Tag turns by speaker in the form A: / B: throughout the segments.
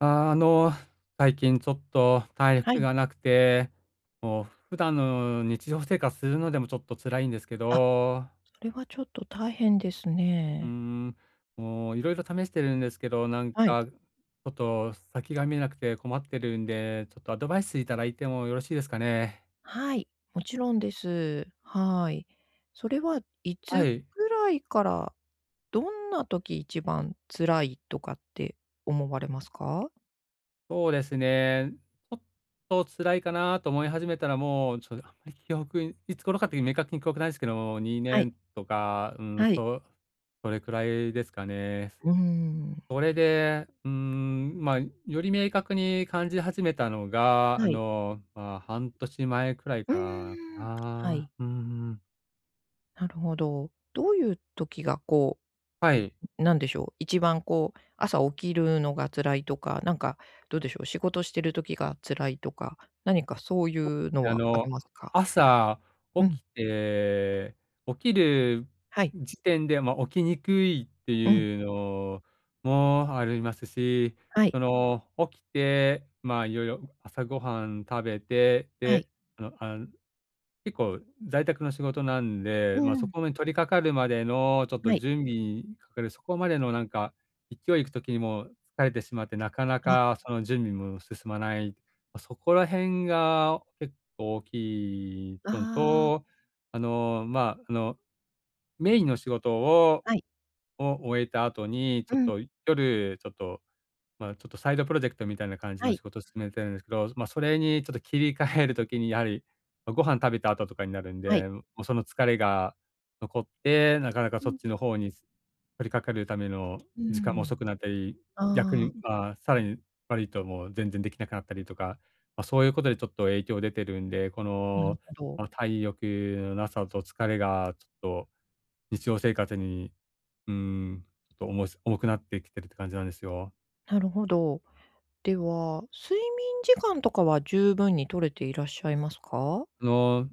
A: あの、最近ちょっと体
B: は
A: 力
B: い。
A: がなくて、もう普段の日常生活するのでも、ちょっと辛いんですけ
B: あ、
A: ど。
B: それはちょっと大変です
A: うー
B: ね。
A: ん、もう、色々試してるんですけど、なん
B: はい。
A: か、ちょっと先が見えなくて困ってるんで、ちょっとアドバイスいただいてもよろしいですかね？
B: はい、もちろんです。はい。それはい
A: は
B: つ
A: い。
B: ぐらいから、どんな時一番辛いとかって思われますか？
A: そうですね。ちょっと辛いかなと思い始めたら、もう、ちょっとあんまり記憶にいつ頃かという明確に記憶ないすけど、に
B: は
A: ね
B: い。
A: んとか、うーん、
B: はい。
A: そう、それくらいですかね。
B: うーん。
A: それで、うーん、ま、より明確に感じ始めたのが、あ
B: はい。
A: の、まあ、半年前くらい
B: う
A: からか
B: ーん。は
A: な。
B: い。
A: うーん。
B: なるほど。どういう時が、こ
A: はい。
B: う、ん、なんでしょう、一番こう、朝起きるのが辛いとか、なんか、どうでしょう、仕事してる時が辛いとか、何かそういうの
A: あ
B: はあり
A: の、
B: ますか？
A: 朝起
B: うん。
A: きて、起きる
B: はい。
A: 時点で、ま、起きにくいって
B: うん。
A: いうのもありますし、
B: はい。
A: その、起きて、まあ、いよいよ朝ごはん食べて、
B: はい。
A: で、あの、あん、結構、在宅の仕事なん
B: う
A: で、
B: ん
A: ま、
B: う
A: そ
B: ん。
A: こに取りかかるまでの、ちょっと
B: はい。
A: 準備にかかるそこまでのなんか、いきおいいく時にも疲れてしまって、なかな
B: あ。
A: かその準備も進まない。ま、そこら辺が結構大きいの
B: ああ。
A: と、あの、ま、あの、メインの仕事を
B: はい。
A: を終えた後に、
B: う
A: ちょっ
B: ん。
A: と夜、ちょっと、ま、ちょっとサイドプロジェクトみたいな感じ
B: は
A: の
B: い。
A: 仕事進めてるんですけど、ま、それにちょっと切り替える時にやはり、と、ご飯食べた後とかになるん
B: はい。
A: で、もうその疲れが残って、なかなか
B: うー
A: そ
B: ん
A: っちの
B: ん。
A: 方に、す取りかかるための
B: う
A: 時間も
B: ん。
A: 遅くなったり、逆
B: ああ。
A: にああ、さらに悪いと、もう全然できなくなったりとか。ま、そういうことでちょっと影響出てるんで、こ
B: なる
A: の
B: ほど。
A: この体力のなさと疲れがちょっと日常生活に、うーん、ちょっと重いす重くなってきてるって感じなんですよ。
B: なるほど。では、睡眠時間とかは十分に取れていらっしゃいますか？
A: あの、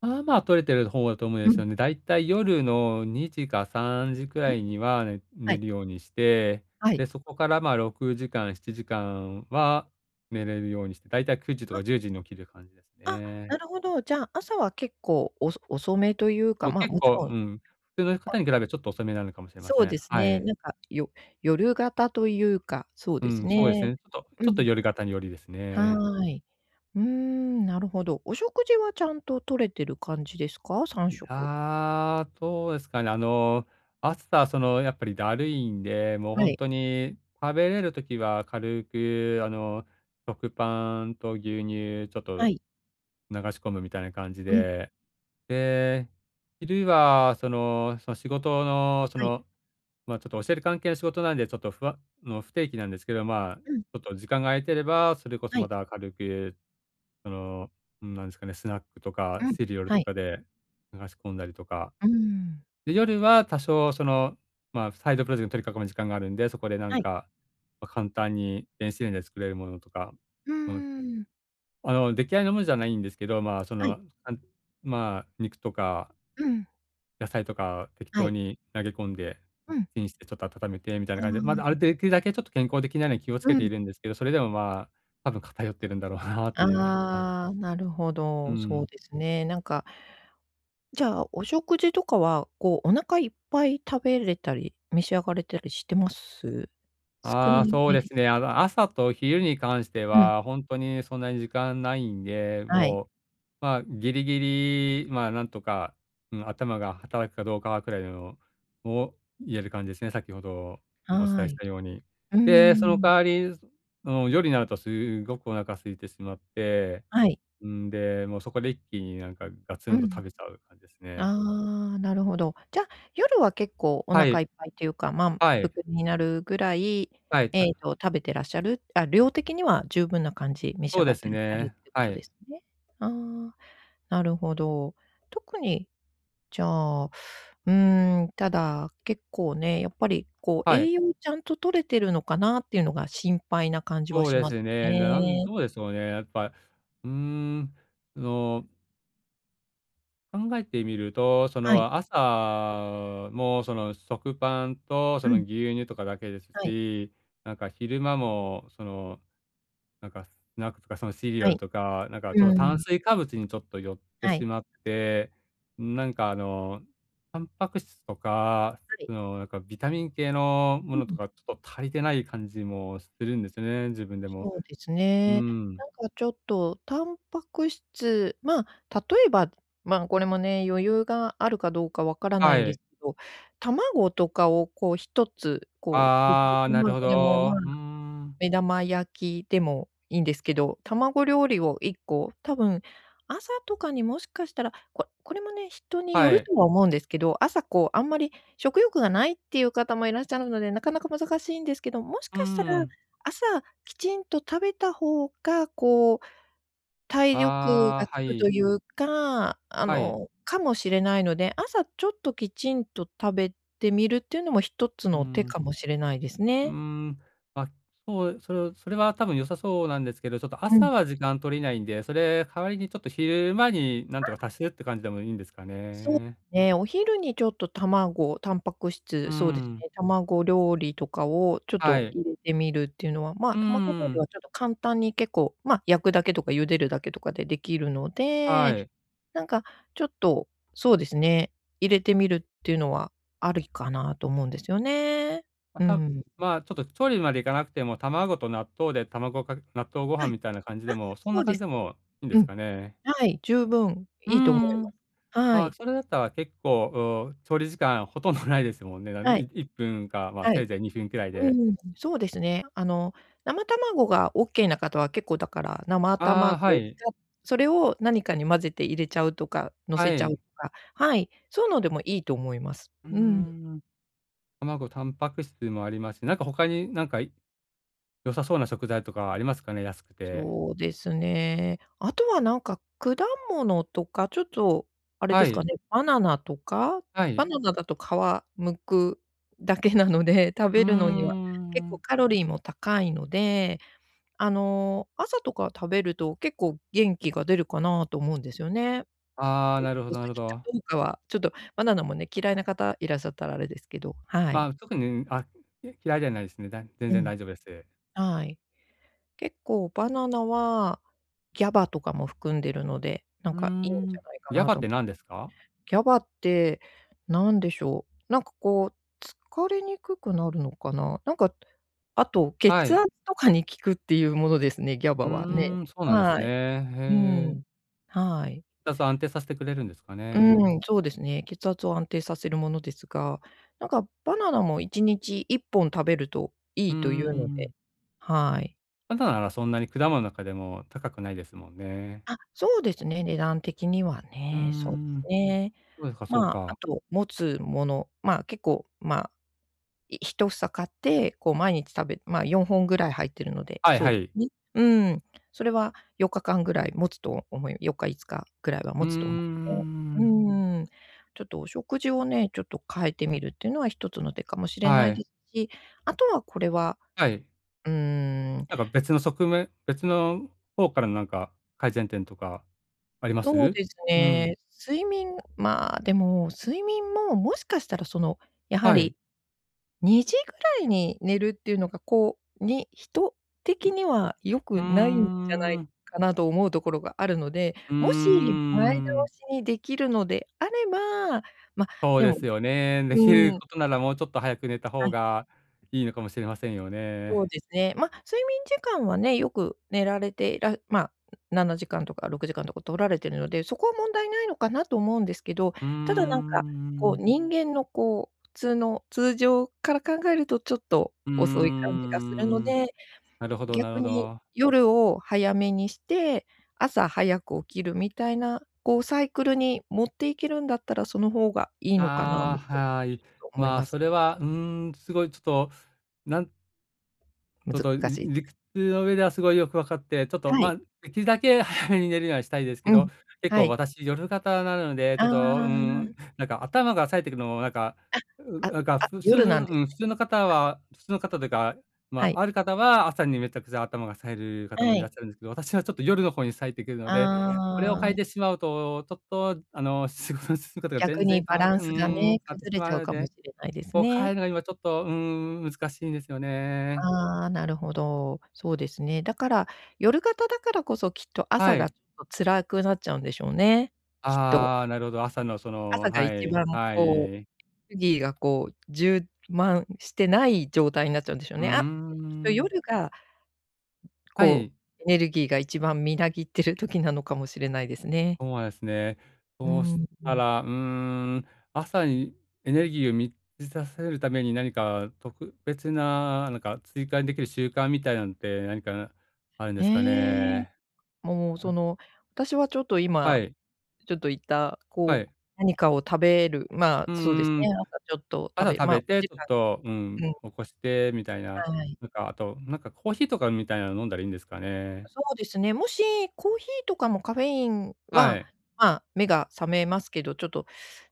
A: まあまあ取れてる方だと思うん
B: う
A: です
B: ん。
A: よね。だいたい夜の2時か3時くら
B: ん？
A: いには、ね
B: は
A: 寝
B: い。
A: るようにして、
B: はい。
A: で、そこから、ま、6時間、7時間は寝れるようにし大体9時と
B: あ。
A: か10時に起きる感じです
B: あ、な
A: ね。
B: るほど。じゃあ、朝は結構、おそ遅めという
A: そ
B: か、
A: う
B: ま、
A: 結
B: もち
A: 構、
B: ろ
A: う
B: ん
A: ん、普通の方に比
B: [unintelligible]
A: べ、ちょっと遅めなのかもしれま
B: そ
A: せ
B: う
A: ん。
B: です
A: は
B: ね。
A: い。
B: なんか、よ夜型というか、そう
A: う
B: です
A: ん、そうです
B: ね。
A: ね。ちょっとち
B: う
A: ょっと
B: ん。
A: 夜型に寄りですね。
B: はい。うーん、なるほど。お食事はちゃんと摂れてる感じですか？さん
A: い
B: しょく。
A: や、どうですかね。あの、朝、その、やっぱりだるいんで、もう
B: は
A: ほん
B: い。
A: とに食べれる時は軽く、あの、食パンと牛乳ちょっ
B: は
A: と
B: い。
A: 流し込むみたいな感じ
B: うん。
A: で。で、昼はそのその、仕事の、そ
B: はい。
A: の、ま、ちょっと教える関係の仕事なんで、ちょっと、ふわの不定期なんですけど、まあ、ち
B: うん。
A: ょっと時間が空いてれば、それこそ、
B: は
A: ま
B: い。
A: た軽く、その、ん、なんですかね、スナックとか
B: うん、
A: シリアル
B: は
A: と
B: い。
A: かで、流し込んだりとか。
B: うーん。
A: で、夜は、多少その、ま、サイドプロジェクト取りかこむ時間があるんで、そこでな
B: は
A: ん
B: い。
A: か、ま、簡単に電子レンジで作れるものとか、
B: うー
A: あの
B: ん。
A: あの、出来合いのものじゃないんですけど、ま、そ
B: はい。
A: の、なんまあ肉とか
B: うん。
A: 野菜とか、適
B: は
A: 当
B: い。
A: に投げ込んで、
B: うん。
A: チンしてちょっと温めてみたいな
B: う
A: 感じで。ま
B: ー
A: だ、ある
B: ん。
A: 出来るだけちょっと健康的なように気をつ
B: う
A: けて
B: ん。
A: いるんですけど、それでもまあ、多分偏ってるんだろうなっていうのが。
B: ああ、なるほ
A: う
B: ど。そう
A: ん。
B: ですね。なんかじゃあ、お食事とかは、こう、お腹いっぱい食べれたり、召し上がれたりしてます？少
A: あ
B: な
A: あ、そう
B: め
A: で
B: で
A: す
B: す
A: ね。あの、朝と昼に関して
B: うん。
A: は、ほんとにそんなに時間ないんで、
B: はい。
A: もう、まあ、ギリギリ、まあ、なんとか、うん、頭が働くかどうかは、くらいのをいれる感じですね、先ほどもお伝
B: は
A: えし
B: い。
A: たように。
B: うー
A: で、その代
B: ん。
A: わり、その、夜になるとすっごくお腹空いてしまって、
B: はい。
A: んで、もうそこで一気に、なんかガツ
B: う
A: ンと
B: ん。
A: 食べちゃう感じですね。
B: ああ、なるほど。じゃ、夜は結構お
A: は
B: 腹
A: い。
B: いっぱいっていうか、満
A: はい。
B: 腹になるぐらい、
A: はい。た
B: えっと、食べてらっしゃる、あ、量的には十分な感じ、召し
A: そ
B: 上
A: う
B: が
A: で
B: っ
A: す
B: てらっしゃる
A: ね、
B: っていうこ
A: は
B: とで
A: い。
B: すね。ああ、なるほど。特に、じゃあ、うーん、ただ、結構ね、やっぱりこう、
A: はい。
B: 栄養ちゃんと摂れてるのかなっていうのが心配な感じは
A: そう
B: し
A: で
B: ま
A: す
B: す
A: ね。ななん、
B: ね。
A: どうでしょうね。やっぱ、うーん、その考えてみると、そ
B: はい。
A: の、朝も、その、食パンと、そ
B: う
A: の、
B: ん。
A: 牛乳とかだけです
B: はい。
A: し。なんか昼間も、その、なんかスナックとか、その、シリア
B: は
A: ル
B: い。
A: とか、なんかちょっ
B: う
A: と、炭
B: ん。
A: 水化物にちょっと寄って
B: は
A: し
B: い。
A: まって、なんかあの、タンパク質とか、
B: はい。
A: その、なんか、ビタミン系のも
B: う
A: のと
B: ん。
A: か、ちょっと足りてない感じもしするんですよね、自分でも。
B: そうです
A: う
B: ね。
A: ん。
B: なんかちょっとタンパク質まあ、例えば、ま、これもね、余裕があるかどうかわからな
A: は
B: いんで
A: い。
B: す、ど、卵とかを、こう1つ、こう、茹で
A: ああ、なる
B: 卵
A: ほ
B: でも、ま
A: ど。
B: あ、
A: うーん。
B: 目玉焼きでもいいんですけど、卵料理を1個、多分、朝とかにもしかしたら、ここれもね、人によ
A: は
B: る
A: い。
B: とは思うんですけど、朝こう、あんまり食欲がないっていう方もいらっしゃるので、なかなか難しいんですけど、もし
A: う
B: かしたら、
A: ん。
B: 朝きちんと食べた方が、こう、体力が
A: ああ、
B: つ
A: は
B: くとい
A: い。
B: うか、あ
A: はい。
B: の、かもしれないので、朝ちょっときちんと食べてみるっていうのも一つ
A: う
B: の手
A: ん。
B: かもしれないです
A: うー
B: ね。
A: ん、あ、そうそう、それは多分良さそうなんですけど、ちょっと
B: う
A: 朝
B: ん。
A: は時間取れないんで、それ、代わりにちょっと昼間に何
B: あ。
A: とか足すって感じでもいいんですか
B: そう、
A: ね？
B: ね。お昼にちょっと卵、タンパク
A: う
B: 質、そうです
A: ん。
B: ね、卵料理とかをちょっ
A: は
B: と
A: い。
B: 入れてみるっていうのは、
A: う
B: ま、
A: ー
B: 卵料理
A: ん。
B: はちょっと簡単に、結構、ま、焼くだけとか茹でるだけとかでできるの
A: は
B: で、
A: い。
B: なんかちょっと、そうですね、入れてみるっていうのはありかなと思うんですよね。
A: ま
B: う
A: た
B: ん。
A: まあ、ちょっと調理までいかなくても、卵と納豆で卵かけ納豆ご
B: は
A: 飯
B: い。
A: みたいな感じ
B: あ、
A: でも、そん
B: そ
A: な
B: う
A: 感
B: で
A: じで
B: す。
A: もいいんで
B: う
A: す
B: ん。
A: かね？
B: はい。十分
A: う
B: いいと思いま
A: ん、
B: す。は
A: あ、
B: い。
A: それだったら結構、お、調理時間ほとんどないですもんね。なん
B: はい。
A: い1分か、まあ、
B: は
A: せ
B: い。
A: いぜい2分くらい
B: う
A: で。
B: ん、そうですね。あの、生卵がオッケーな方は、結構だから、生
A: ああ、
B: 卵
A: は
B: を
A: い。
B: つかそれを何かに混ぜて入れちゃうとか、の
A: は
B: せちゃうと
A: い。
B: か。はい、そうのでもいいと思います。
A: うー
B: うん。
A: ん。卵、タンパク質もありますし、なんか他に、なんか、い良さそうな食材とかありますかね？安くて。
B: そうですね。あとはなんか、果物とかちょっとあれで
A: は
B: すか
A: い。
B: ね、バナナとか。
A: は
B: バ
A: い。
B: ナナだと皮剥くだけなので、食
A: うー
B: べるのには結構
A: ん。
B: カロリーも高いので、あの、朝とか食べると、結構元気が出るかなと思うんですよね。
A: ああ、なるほ
B: おお好
A: どなるほ
B: きか
A: ど。
B: どうかは、ちょっとバナナもね、嫌いな方いらっしゃったらあれですけど。はい。
A: ま、特に、あ、き嫌いではないですね。だ全
B: う
A: 然
B: ん。
A: 大丈夫です。
B: はい。結構バナナは、GABA とかも含んでるので、なん
A: うー
B: かいいんじゃ
A: ん。
B: ないか
A: や
B: な
A: ばっ
B: と
A: て
B: も。
A: 何ですか？
B: GABA って、何でしょう。なんかこう、疲れにくくなるのかな。なんか、あと、
A: は
B: 血
A: い。
B: 圧とかに効くっていうものですね、GABA
A: う
B: はね。
A: ーん。そうなんです
B: は
A: ね。
B: い。う
A: へ
B: ん。
A: え。
B: はい。
A: 血圧を安定させてくれるんですかね？
B: うん、そうですね。血圧を安定させるものですが、なんか、バナナも1日1本食べるとい
A: うんう
B: いという
A: ん
B: の
A: うん。
B: で。はい。
A: バナナならそんなに、果物の中でも高くないですもんね。
B: あ、そうですね。値段的には
A: うー
B: ね、そうです
A: ん。
B: ね。
A: そうですか、そう
B: まあ、あ
A: か。
B: と、もつもの、まあ、結構、まあ、い1房買って、こう、毎日食べまあ、4本ぐらい入ってるので、
A: はい
B: そう
A: は
B: で、
A: い。
B: ね。うん。それは4日間ぐらいもつと思い4日、5日くらいは
A: う
B: も
A: ー
B: つとおも、ね。う
A: ん。
B: ーん。ちょっとお食事をね、ちょっと変えてみるってのは一つの手かもしれな
A: は
B: い
A: い。
B: ですし、あとはこれは
A: はい。
B: うーん。
A: なんか、別の側面別の方からのなんか、改善点とかありま
B: そう
A: す？
B: です
A: う
B: ね。
A: ん。
B: 睡眠まあ、でも、睡眠も、もしかしたら、その、やは
A: はい。
B: り、2時ぐらいに寝るっていうのが、こう、にヒト
A: う
B: 的には良くないんじゃな
A: ん。
B: い
A: うーん。
B: かなと思うところがあるので、
A: うー
B: もし、前倒
A: ん。
B: しにできるのであれば、ま、
A: そう
B: で
A: で
B: も
A: す
B: ね
A: よね。できる
B: うん。
A: ことならもうちょっと早く寝た
B: は
A: 方
B: い。
A: が、いいのかもしれませんよ
B: そう
A: ね。
B: ですね。ま、睡眠時間はね、よく寝られていらまあ、7時間とか6時間とか取られてるので、そこは問題ないのかなと思うんですけど、
A: うー
B: ただなんか、こう、
A: ん。
B: 人間のこう、普通の通常から考えるとちょっと
A: うー
B: 遅い感じがするの
A: ん。
B: で、
A: なるほどなる
B: 逆
A: ほ
B: に、
A: ど。
B: 夜を早めにして、朝早く起きるみたいな、こう、サイクルにもっていけるんだったら、その方がいいのかなとち
A: ああ、
B: ょ
A: はい。
B: っと思い
A: まあ、
B: ます。
A: それは、うーん、すごいちょっと、なんちょっと、
B: 難し
A: り
B: い。
A: 理屈の上ではすごいよくわかって、ちょっと、
B: はい。
A: ま、できるだけ早めに寝るにはしたいですけ
B: う
A: ど、
B: ん、
A: 結
B: は
A: 構
B: い。
A: 私、夜型なので、ち
B: あ
A: ょっと、うー
B: あ。
A: ん、なんか、頭が冴えてくのもなんか、
B: あ、
A: う、
B: あ、
A: なんか、
B: あ、
A: 普通
B: 夜なんです
A: うん、普
B: ね。
A: 通の方は普通の方というか、
B: は
A: ま、
B: い。
A: ある方は、朝にめちゃくちゃ頭が冴える方も
B: は
A: いら
B: い。
A: っしゃるんですけど、私はちょっと、夜の方に冴えてくるので、これを
B: あ
A: 変え
B: あ。
A: てしまうと、ちょっと、あの、仕事の進み方が
B: 逆
A: 全
B: に
A: 然変
B: バ
A: わっ
B: ラン
A: うー
B: スが
A: ん、変
B: ね、
A: わってし
B: 崩れ
A: ま
B: ち
A: う
B: ゃう
A: の
B: かも
A: で、
B: しれないです
A: こう変え
B: ね。
A: るのにはちょっと、うーん、難しいですよね。
B: ああ、なるほど。そうですね。だから、夜型だからこそ、きっと
A: は
B: 朝が
A: い。
B: ちょっと辛くなっちゃうんでしょうね、きっと。
A: ああ、なるほど。朝の、その、
B: 朝が
A: は
B: 一
A: い。
B: 番、
A: は
B: こ
A: い。
B: う、エネルギーがこう、充満してない状態になっちゃうんでしょう
A: うー
B: ね。あ、きっと
A: ん。
B: 夜が
A: は
B: こ
A: い。
B: う、エネルギーが一番みなぎっている時なのかもしれないですね。
A: そうですね。
B: う
A: そうし
B: ー
A: た
B: ん。
A: ら、うーん、朝にエネルギーを満ちさせるために何か特別な、なんか、追加でできる習慣みたいなのって何かあるんですか
B: ねえ。
A: ね？
B: もう、
A: う
B: そ
A: ん。
B: の、私はちょっと
A: は
B: 今、
A: い。
B: ちょっと言った、
A: は
B: こう、
A: い。
B: 何かを食べる、まあ、
A: う
B: そうです
A: ー
B: ね、
A: ん。
B: 朝ちょっと食
A: 朝
B: べ
A: 食
B: ま、
A: べて、
B: 時
A: ちょっ
B: 間
A: と、うん、
B: うん。
A: 起こして、みたいな。
B: はい。
A: なんかあと、なんか、コーヒーとかみたいなの飲んだらいいんですかね？
B: そうですね。もし、コーヒーとかもカフェイン
A: は
B: は、
A: い。
B: まあ、目が覚めますけど、ちょっと、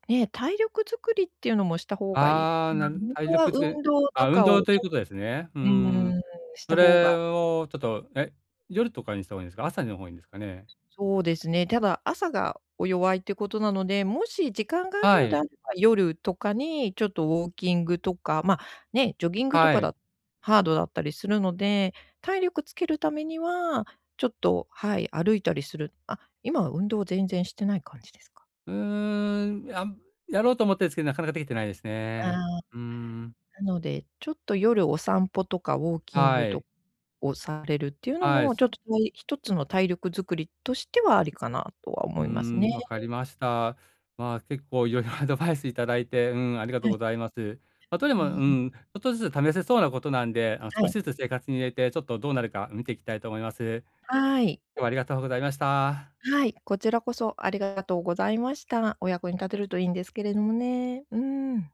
B: ね、体力作りっていうのもした方がいい、
A: ああ、
B: まあ、
A: なる
B: ほん
A: 体
B: とは
A: 力づ
B: 運
A: く
B: 動と
A: あ、運
B: かを
A: 動
B: ね。
A: ということですね。うー
B: う
A: ん。
B: ーん、した
A: そ
B: 方が
A: れをちょっとえ、夜とかにした方がいいんですか、朝にの方がいいんですかね？
B: そうですね。ただ朝が、お弱いってことなので、もし時間がある
A: は
B: のであ
A: い。
B: れば、夜とかにちょっとウォーキングとか、ま、ね、ジョギングと
A: は
B: か
A: い。
B: だ、ハードだったりするので、体力つけるためには、ちょっと、はい、歩いたりするあ、今は運動全然してない感じですか？
A: うーん。あむやろうと思ってんすけど、なかなかできてないです
B: あ
A: ね。
B: あ。
A: うーん。
B: なので、ちょっと夜お散歩とかウォーキン
A: は
B: グと、
A: い。
B: をされるっていうの
A: はい、
B: も、ち
A: す
B: ょっとたい一つの体力作りとしてはありかなとは
A: うー
B: 思いますね。
A: ん、わかりました。まあ、結構いろいろアドバイスいただいて、うん、ありがと
B: は
A: うご
B: い。
A: ざいます。例え
B: う
A: ばう
B: ん。
A: ん、ちょっとずつ試せそうなことなんで、あの、
B: は
A: 少し
B: い。
A: ずつ生活に入れて、ちょっとどうなるか見ていきたいと思います。
B: はい。
A: 今日はありがとうございました。
B: はい、こちらこそありがとうございました。お役に立てるといいんですけれどもね。うーん。